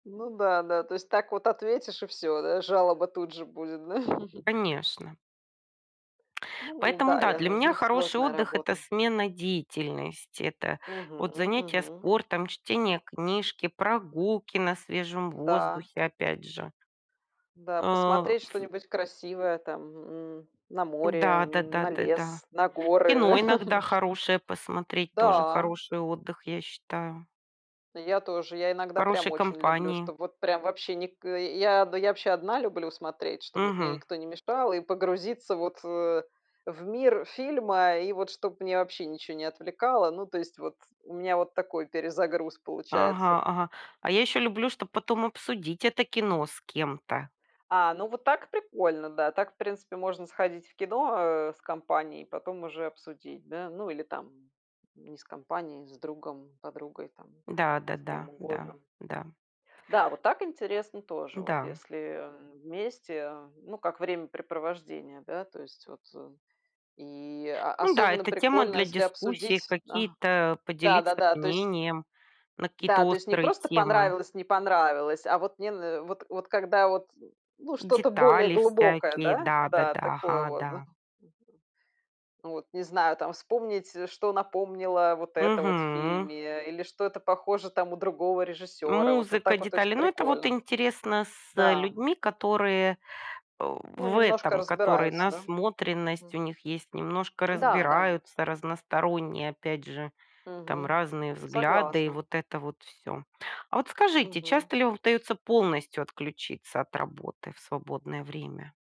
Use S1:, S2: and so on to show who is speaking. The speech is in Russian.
S1: Ну да, да. Так вот ответишь и всё, да жалоба тут же будет. Да?
S2: Конечно.
S1: Ну да,
S2: Поэтому да,
S1: я
S2: для
S1: з в
S2: меня
S1: них
S2: хороший
S1: сложная
S2: отдых- это
S1: работа.
S2: смена деятельности, это вот
S1: Мгм,
S2: занятия
S1: мгм.
S2: спортом, чтение книжки, прогулки на свежем
S1: Да.
S2: воздухе, опять же.
S1: Да.
S2: А,
S1: Посмотреть
S2: ф
S1: что-нибудь красивое там, мгм, м, на море,
S2: Да да
S1: н
S2: да
S1: на
S2: да да.
S1: лес, на
S2: Кино
S1: горы,
S2: иногда
S1: может.
S2: хорошее 2посмотреть- тоже
S1: Да.
S2: хороший отдых, я считаю.
S1: Я тоже. Я
S2: В
S1: иногда прям
S2: хорошей
S1: очень люблю,
S2: компании.
S1: чтобы вот прям вообще ник э, я, да я вообще одна люблю смотреть, чтоб вот мне
S2: Мгм.
S1: никто не мешал, и погрузиться вот, э, в мир фильма, и вот чтобы меня вообще ничего не отвлекало. Ну, то есть, вот у меня вот такой перезагруз
S2: Ага,
S1: получается.
S2: ага. А я ещё люблю, чтоб потом обсудить это кино с кем-то.
S1: А, ну, вот так прикольно, да. Так, в принципе, можно сходить в кино, э, с компанией, потом уже обсудить. Да? Ну, или там не с компанией, а с другом, подругой, там, с кем
S2: Да-да-да, да,
S1: угодно.
S2: да.
S1: Да, вот так интересно тоже, вот
S2: Да.
S1: если, эм, вместе. Э, ну, как времяпрепровождение, да, то есть, вот. И
S2: Ну да,
S1: особенно
S2: это тема
S1: прикольно,
S2: для
S1: если
S2: дискуссии,
S1: обсудить, а,
S2: какие-то э, поделиться
S1: да-да-да, то есть.
S2: мнением на какие-то
S1: Да, то есть не
S2: острые
S1: просто
S2: темы.
S1: понравилось, не понравилось, а вот мне н вот вот когда вот, ну, что-то более
S2: Детали
S1: глубокое,
S2: всякие,
S1: да? Да,
S2: да-да-да.
S1: такое
S2: Ага,
S1: вот.
S2: да.
S1: Да, мгм. Вот не знаю, там вспомнить, с что напомнило вот это в
S2: Мгм.
S1: фильме или что это похоже у другого режиссёра. Вот
S2: Музыка,
S1: так вот очень
S2: детали. Но это вот
S1: прикольно.
S2: интересно с, э,
S1: Да.
S2: людьми, которые, э,
S1: Ну,
S2: в
S1: немножко
S2: этом которые,
S1: разбираются, да?
S2: насмотренность
S1: Мгм.
S2: у них есть, немножко
S1: Да, да.
S2: разбираются, разносторонние, опять же,
S1: Мгм,
S2: там разные
S1: м,
S2: взгляды и
S1: согласна.
S2: вот это вот всё. А вот скажите,
S1: Мгм.
S2: часто ли вам удается полностью отключиться от работы в свободное время?